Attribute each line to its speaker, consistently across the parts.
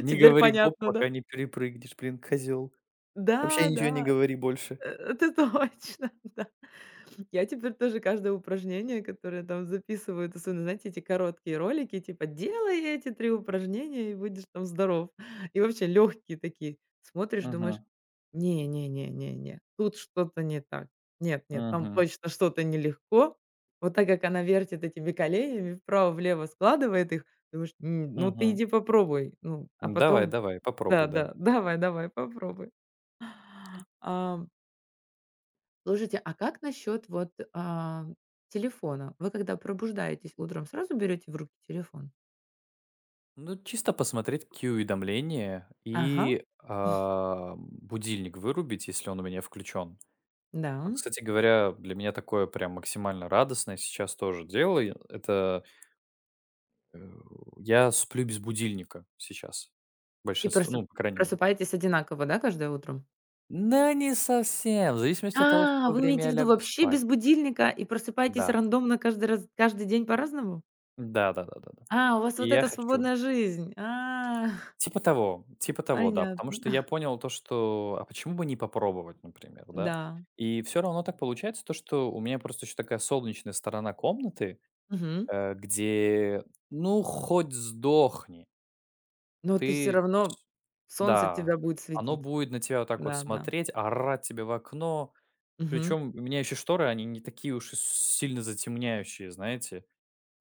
Speaker 1: "Не
Speaker 2: Теперь
Speaker 1: говори гоп,
Speaker 2: понятно, да?
Speaker 1: пока не перепрыгнешь", блин, козел. Вообще
Speaker 2: Да,
Speaker 1: ничего не
Speaker 2: да.
Speaker 1: говори больше.
Speaker 2: Э это точно, да. Я теперь тоже каждое упражнение, которое там записывают особенно, знаете, эти короткие ролики типа: "Делай эти 3 упражнения и будешь, там здоров". И вообще лёгкие такие, смотришь, думаешь:
Speaker 1: Мгм.
Speaker 2: "Не-не-не-не-не, тут что-то не так. Нет-нет, там
Speaker 1: Мгм.
Speaker 2: точно что-то нелегко". Вот так как она вертит этими коленями, вправо-влево складывает их, думаешь: "М, ну ты
Speaker 1: Мгм.
Speaker 2: иди попробуй. Ну, а, потом"
Speaker 1: Давай-давай,
Speaker 2: Да,
Speaker 1: попробуй, да.
Speaker 2: да, давай, давай, попробуй. Ам Слушайте, а, как насчёт вот, а, телефона? Вы когда пробуждаетесь, утром сразу берёте в руки телефон?
Speaker 1: Ну чисто посмотреть какие уведомления
Speaker 2: Ага.
Speaker 1: и, а, будильник вырубить, если он у меня включен. Вот,
Speaker 2: Да.
Speaker 1: кстати говоря, для меня такое прям максимально радостное сейчас тоже делаю. Это э, я сплю без будильника сейчас.
Speaker 2: И
Speaker 1: Большинство
Speaker 2: просто,
Speaker 1: ну по крайней мере.
Speaker 2: просыпаетесь одинаково, да, каждое утро?
Speaker 1: Да не совсем. В зависимости от того, в
Speaker 2: А,
Speaker 1: какое
Speaker 2: вы
Speaker 1: время
Speaker 2: имеете в
Speaker 1: я
Speaker 2: виду
Speaker 1: лягу
Speaker 2: вообще
Speaker 1: спать.
Speaker 2: без будильника и просыпаетесь
Speaker 1: Да.
Speaker 2: рандомно каждый раз каждый день по-разному?
Speaker 1: Да-да-да-да-да.
Speaker 2: А, у вас
Speaker 1: И
Speaker 2: вот
Speaker 1: я
Speaker 2: эта
Speaker 1: хочу
Speaker 2: свободная жизнь! А.
Speaker 1: Типа того, типа того, да. Потому
Speaker 2: Понятно.
Speaker 1: что я понял, то что а почему бы не попробовать, например, да.
Speaker 2: Да.
Speaker 1: И всё равно так получается, то что у меня просто еще такая солнечная сторона комнаты,
Speaker 2: Мгм.
Speaker 1: э, где, ну хоть сдохни!
Speaker 2: Ну ты всё
Speaker 1: Ты
Speaker 2: равно солнце
Speaker 1: Да,
Speaker 2: тебя будет
Speaker 1: оно
Speaker 2: светить.
Speaker 1: будет на тебя вот так вот
Speaker 2: Да, да.
Speaker 1: смотреть, орать тебе в окно.
Speaker 2: Мгм.
Speaker 1: Причем у меня еще шторы, они не такие уж и с сильно затемняющие, знаете.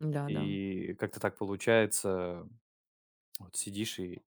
Speaker 2: Да-да.
Speaker 1: И как-то так получается Вот сидишь и